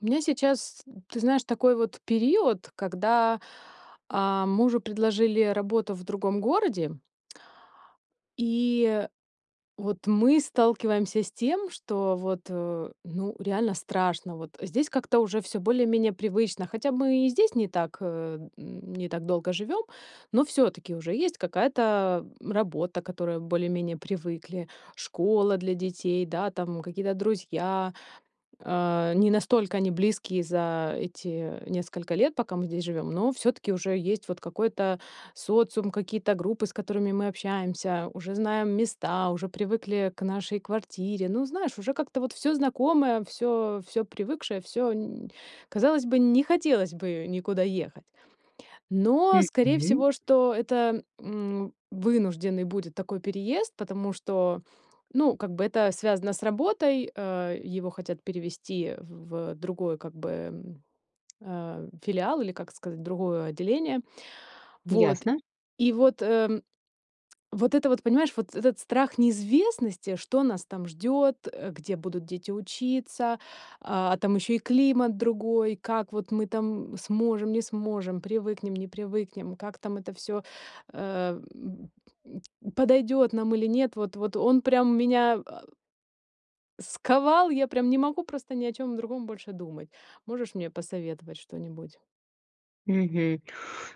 У меня сейчас, ты знаешь, такой вот период, когда, а, мужу предложили работу в другом городе и вот мы сталкиваемся с тем, что вот, э, ну, реально страшно, вот. Здесь как-то уже всё более-менее привычно, хотя мы и здесь не так, э, не так долго живём, но всё-таки уже есть какая-то, м, работа, к которой более-менее привыкли, школа для детей, да, там какие-то друзья. А, не настолько они близкие за эти несколько лет, пока мы здесь живём, но всё-таки уже есть вот какой-то социум, какие-то группы, с которыми мы общаемся, уже знаем места, уже привыкли к нашей квартире. Ну, знаешь, уже как-то вот всё знакомое, всё всё привыкшее, всё нь казалось бы, не хотелось бы никуда ехать. Но скорее Мгм. всего, что это, м, вынужденный будет такой переезд, потому что, ну, как бы это связано с работой, э, его хотят перевести в в другой как бы, ам, а, филиал или, как сказать, другое отделение. Вот, Ясно. и вот, эм, вот это вот, понимаешь, вот этот страх неизвестности, что нас там ждёт, э, где будут дети учиться, а там ещё и климат другой, как вот мы там сможем, не сможем, привыкнем, не привыкнем, как там это всё, эм, б м, подойдёт нам или нет. Вот вот он прям меня а сковал, я прям не могу просто ни о чём другом больше думать. Можешь мне посоветовать что-нибудь? Мгм.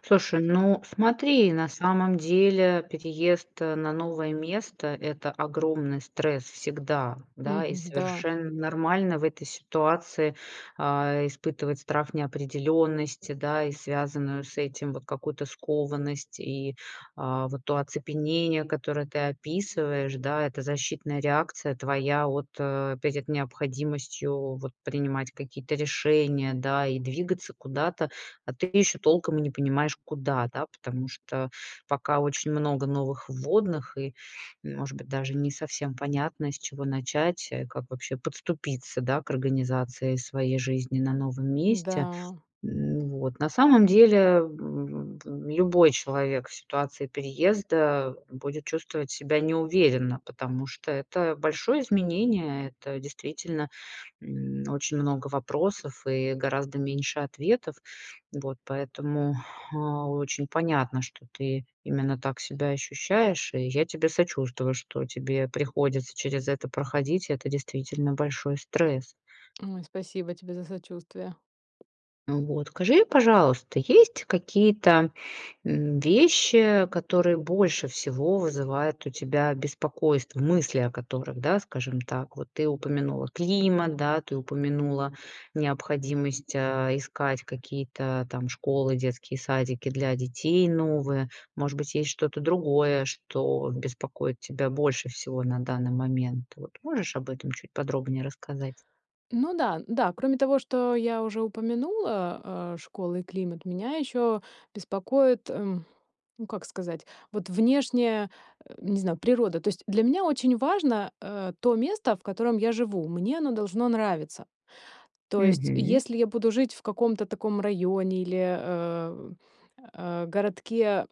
Слушай, ну смотри, на самом деле, переезд на новое место- это огромный стресс всегда, да, и Мгм, да. совершенно нормально в этой ситуации, а, испытывать страх неопределенности, да, и связанную с этим вот какую-то скованность и, а, вот то оцепенение, которое ты описываешь, да, это защитная реакция твоя, вот, э, перед необходимостью, вот, принимать какие-то решения, да, и двигаться куда-то, а ты ещё толком и не понимаешь куда, да, потому что пока очень много новых вводных и, может быть, даже не совсем понятно, с чего начать, э, как вообще подступиться, да, к организации своей жизни на новом месте, Да. м, вот. На самом деле, в в в любой человек в ситуации переезда будет чувствовать себя неуверенно, потому что это большое изменение, это действительно, м, очень много вопросов и гораздо меньше ответов. Вот, поэтому, а, очень понятно, что ты именно так себя ощущаешь, и я тебе сочувствую, что тебе приходится через это проходить, и это действительно большой стресс. Ой, спасибо тебе за сочувствие. Вот, скажи, пожалуйста, есть какие-то, м, вещи, которые больше всего вызывает у тебя беспокойство, мысли о которых, да, скажем так, вот ты упомянула климат, да, ты упомянула необходимость, э, искать какие-то там школы, детские садики для детей новые, может быть, есть что-то другое, что беспокоит тебя больше всего на данный момент. Вот можешь об этом чуть подробнее рассказать? Ну да, н-да, кроме того, что я уже упомянула, э, школа и климат, меня ещё беспокоит, э, ну, как сказать, вот внешняя, э, не знаю, природа. То есть, для меня очень важно, э, то место, в котором я живу, мне оно должно нравиться. То есть, Мгм. если я буду жить в каком-то таком районе или, э, а, городке,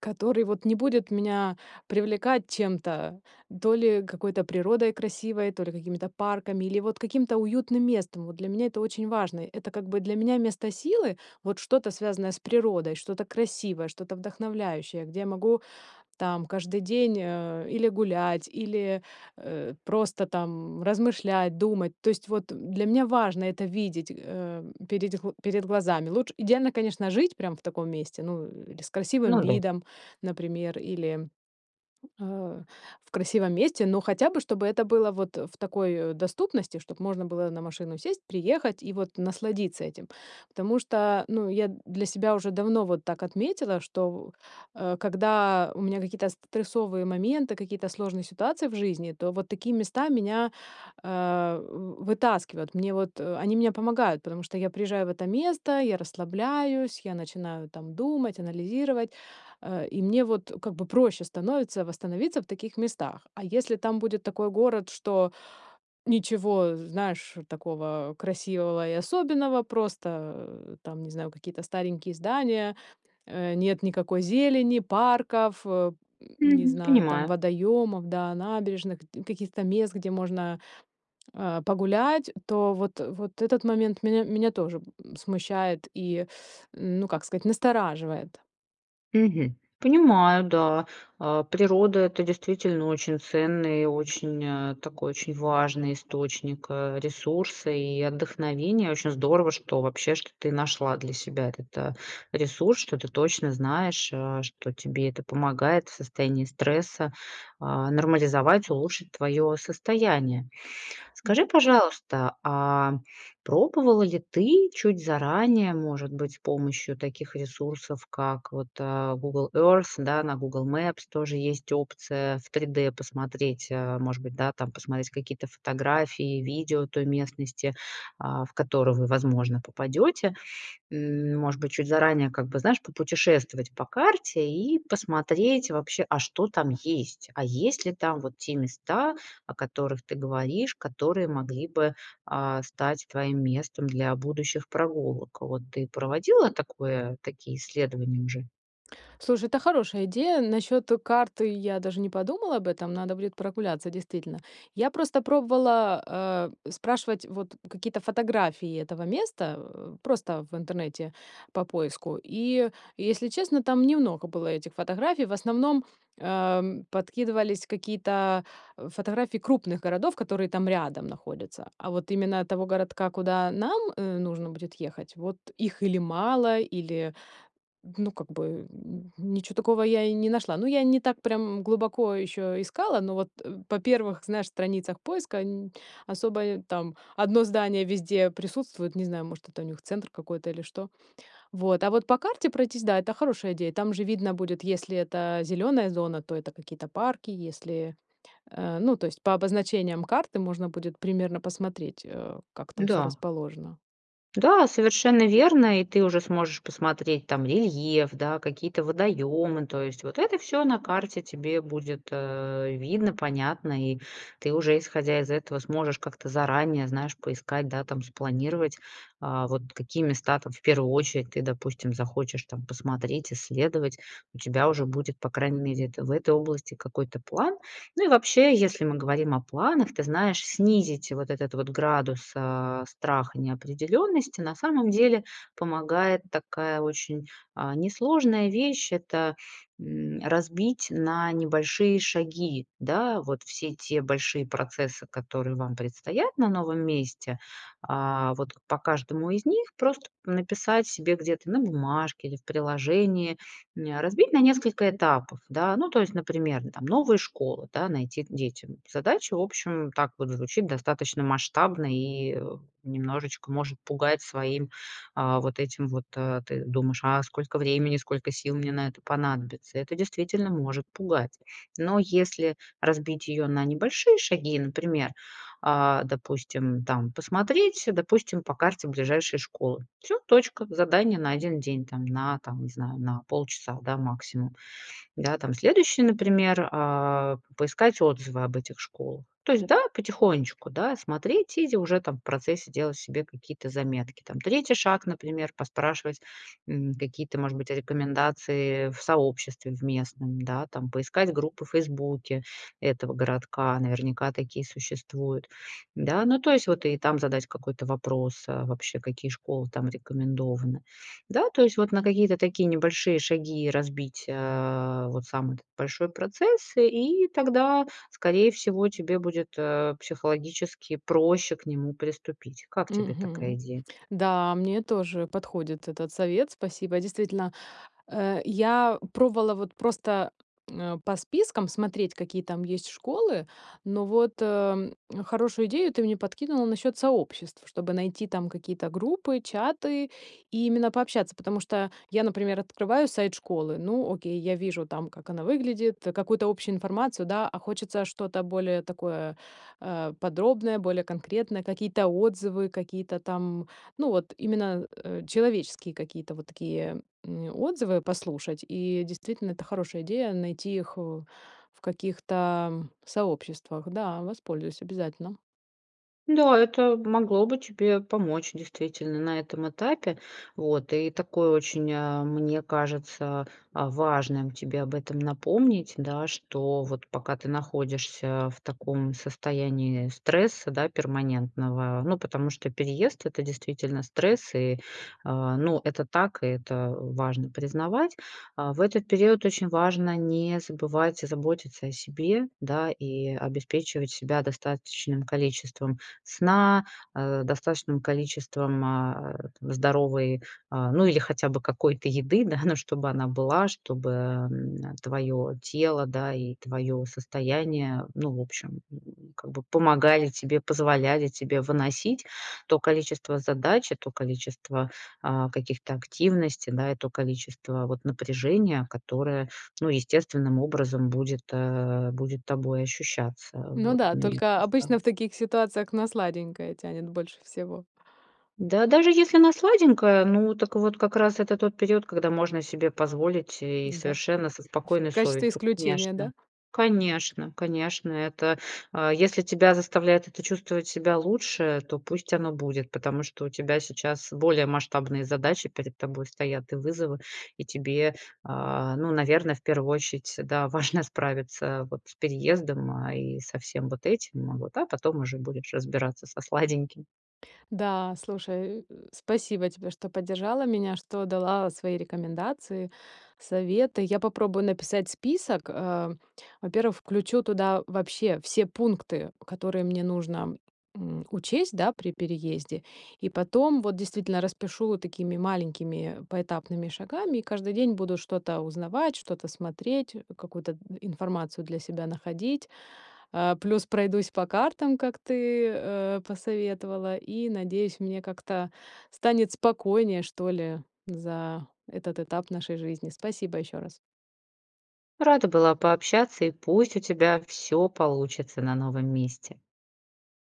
который вот не будет меня привлекать чем-то, то ли какой-то природой красивой, то ли какими-то парками, или вот каким-то уютным местом. Вот для меня это очень важно. Это как бы для меня место силы, вот что-то связанное с природой, что-то красивое, что-то вдохновляющее, где я могу там каждый день, э, или гулять, или, э, просто там размышлять, думать. То есть, вот, э, для меня важно это видеть, э, передь гл перед глазами. Луч идеально, конечно, жить прям в таком месте. Ну, или с красивым Ну да. видом, например, или, а, в красивом месте, но хотя бы чтобы это было вот в такой доступности, чтоб можно было на машину сесть, приехать и вот насладиться этим. Потому что, ну, я для себя уже давно вот так отметила, что, в, э, когда у меня какие-то стрессовые моменты, какие-то сложные ситуации в жизни, то вот такие места меня, а в вы вытаскивают, мне вот, э, они мне помогают, потому что я приезжаю в это место, я расслабляюсь, я начинаю там думать, анализировать, э, и мне вот, э, как бы проще становится восстановиться в таких местах. А если там будет такой город, что ничего знаешь такого красивого и особенного, просто там не знаю какие-то старенькие здания, э, нет никакой зелени, парков, э, м, не Мгм. знаю, там Понимаю. водоёмов, да, набережных, гдь каких-то мест, где можно, а, погулять, то вот, э, вот этот момент меня меня тоже, м, смущает и, ну как сказать, настораживает. Мгм. Понимаю, да. А, природа- это действительно очень ценный и очень, а, такой очень важный источник, а, ресурса и отдохновения. Очень здорово, что, вообще, что ты нашла для себя этот, а, ресурс, что ты точно знаешь, а, что тебе это помогает в состоянии стресса, а, нормализовать, улучшить твое состояние. М. Скажи, пожалуйста, а пробовала ли ты чуть заранее, может быть, с помощью таких ресурсов, как вот, а, Google Earth, да, на Google Maps тоже есть опция в 3D посмотреть, а, может быть, да, там посмотреть какие-то фотографии, видео той местности, а, в которую вы, возможно, попадете? М, может быть, чуть заранее, как бы, знаешь, попутешествовать по карте и посмотреть вообще, а что там есть. А есть ли там вот те места, о которых ты говоришь, которые могли бы, а, стать твоим местом для будущих прогулок? Вот ты проводила такое такие исследования уже? Слушай, это хорошая идея. Насчет карты- я даже не подумала об этом. Надо будет прогуляться, действительно. Я просто пробовала, а, спрашивать вот какие-то фотографии этого места, э, просто в интернете по поиску. И, если честно, там немного было этих фотографий. В основном, ам, подкидывались какие-то фотографии крупных городов, которые там рядом находятся. А вот именно того городка, куда нам, э, нужно будет ехать- вот их или мало, или, ну, как бы, м, ничё такого я и не нашла. Ну, я и не так прям глубоко еще искала, но вот, э, по первых, знаешь, страницах поиска нь особо, э, там 1 здание везде присутствует. Не знаю, может это у них центр какой-то или что. Вот, а вот по карте пройтись- да, это хорошая идея. Там же видно будет, если это зеленая зона, то это какие-то парки, если Э, ну, то есть, по обозначениям карты можно будет примерно посмотреть, э, как там всё Да. расположено. Да, совершенно верно. И ты уже сможешь посмотреть там рельеф, да, какие-то водоемы, то есть вот это всё на карте тебе будет, э, видно, понятно, и ты уже, исходя из этого, сможешь как-то заранее, знаешь, поискать, да, там, спланировать, а, вот какие места там, в первую очередь, ты, допустим, захочешь там посмотреть, исследовать. У тебя уже будет, по крайней мере, это в этой области какой-то план. Ну и вообще, если мы говорим о планах, ты знаешь, снизить вот этот вот градус, а, страха неопределенности. На самом деле, помогает такая, очень, а, несложная вещь- это, м, разбить на небольшие шаги, да, вот все те большие процессы, которые вам предстоят на новом месте. А вот к по каждому из них просто написать себе где-то на бумажке или в приложении, м, а, разбить на несколько этапов, да, ну, то есть, например: ну, там, новые школы, да, найти к детям. Задача, в общем, так вот звучит- достаточно масштабно и, э, немножечко может пугать своим, а, вот этим вот. А, ты думаешь: а сколько времени, сколько сил мне на это понадобится? Это действительно может пугать. Но если разбить ее на небольшие шаги, например, а, допустим, там посмотреть, э, допустим, по карте ближайшие школы. Всё, точка. Задание на 1 день там, на, там, не знаю, на полчаса, да, максимум. Да, там, следующий, например, а, поискать отзывы об этих школах. То есть, да, потихонечку, да, смотреть, и зи уже там в процессе делать себе какие-то заметки. Там 3 шаг, например, поспрашивать, м, какие-то, может быть, а, рекомендации в сообществе в местном, да, там. Поискать группы в "Фейсбуке" этого городка, наверняка такие существуют. Да, ну, то есть, вот и там задать какой-то вопрос, а вообще, какие школы там рекомендованы. Да, то есть вот на какие-то такие небольшие шаги разбить, а, вот сам этот большой процесс, и и тогда, скорее всего, тебе будет, а, психологически проще к нему приступить. Как тебе такая Мгм. идея? Да, мне тоже подходит этот совет, спасибо. Действительно, э, я пробовала вот просто, м, а, по спискам смотреть, какие там есть школы, но вот, эм, хорошую идею ты мне подкинула насчет сообществ, чтобы найти там какие-то группы, чаты и именно пообщаться. Потому что я, например, открываю сайт школы- ну, окей, я вижу там, как она выглядит, какую-то общую информацию, да, а хочется что-то более такое, э, подробное, более конкретное, какие-то отзывы, какие-то там, ну, вот именно, э, человеческие какие-то вот такие, м, отзывы послушать. И, действительно, это хорошая идея- найти их у в каких-то сообществах. Да, воспользуюсь обязательно. Да, это могло бы тебе помочь, действительно, на этом этапе. Вот, и такой очень, а, мне кажется, а, важным тебе об этом напомнить, да, что вот пока ты находишься в таком состоянии стресса, да, перманентного. Ну, потому что переезд- это действительно стресс и, а, ну, это так, и это важно признавать. А, в этот период очень важно не забывать заботиться о себе, да, и обеспечивать себя достаточным количеством сна, а, достаточным количеством, а, это здоровой, а, ну, или хотя бы какой-то еды, да, но чтобы она была, чтобы, эм, а, твое тело, да, и твое состояние, ну, в общем, м, как бы помогали тебе, позволяли тебе выносить то количество задач, и то количество, а, каких-то активностей, да, и то количество вот напряжения, которое, ну, естественным образом будет, а, будет тобой ощущаться. Ну Вот да, у меня только просто. обычно в таких ситуациях на сладенькое тянет больше всего. Да даже если она сладенькая, ну так вот как раз это тот период, когда можно себе позволить и М-да. совершенно со В спокойной качестве совестью. исключения, Конечно, да? конечно, конечно. Это, а, если тебя заставляет это чувствовать себя лучше, то пусть оно будет, потому что у тебя сейчас более масштабные задачи перед тобой стоят, и вызовы. И тебе, а, ну, наверно, в первую очередь, да, важно справиться вот с переездом, а, и со всем вот этим, а, вот, а потом уже будешь разбираться со сладеньким. Да, слушай, э, спасибо тебе, что поддержала меня, что дала свои рекомендации, советы. Я попробую написать список. А, во-первых, включу туда вообще все пункты, которые мне нужно, м, учесть, да, при переезде, и потом вот действительно распишу такими маленькими поэтапными шагами, и каждый день буду что-то узнавать, что-то смотреть, какую-то информацию для себя находить. А, плюс пройдусь по картам, как ты, э, посоветовала, и, надеюсь, мне как-то станет спокойнее, что ли, за этот этап нашей жизни. Спасибо еще раз. Рада была пообщаться, и пусть у тебя всё получится на новом месте.